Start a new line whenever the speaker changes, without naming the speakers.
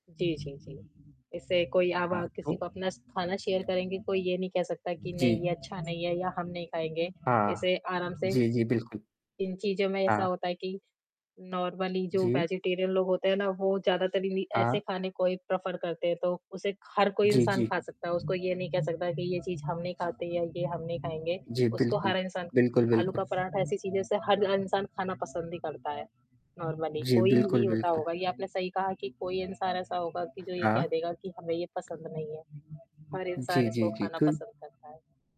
जी, जी, जी, ऐसे कोई अ,
हाँ,
ब किसी
तो?
को अपना खाना शेयर करेंगे कोई ये नहीं कह सकता कि नहीं
जी।
ये अच्छा नहीं है या हम नहीं खाएँगे
हाँ।
इसे आराम से
जी, जी, बिल्कुल।
इन चीज़ों में ऐसा
हाँ।
होता है कि नॉर्मली जो
जी।
वेजिटेरियन लोग होते हैं ना, वो ज़्यादातर इन्हीं ऐसे
हाँ।
खाने को ही प्रफर करते हैं। तो उसे हर कोई
जी,
इंसान
जी।
खा सकता है, उसको ये नहीं कह सकता कि ये चीज़ हम नहीं खाते या ये हम नहीं खाएँगे
जी,
उसको
बिल्कुल।
हर इंसान
बिल्कुल,
आलू
बिल्कुल।
का पराठा ऐसी चीज़ है जिसे हर इंसान खाना पसंद ही करता है नॉर्मली
जी,
कोई ही
बिल्कुल,
होता
बिल्कुल।
होगा ये आपने सही कहा कि कोई इंसान ऐसा होगा कि जो ये
हाँ।
कह देगा कि हमें ये पसंद नहीं है, हर इंसान
जी,
इसको
जी, जी,
खाना
तो
पसंद करता है।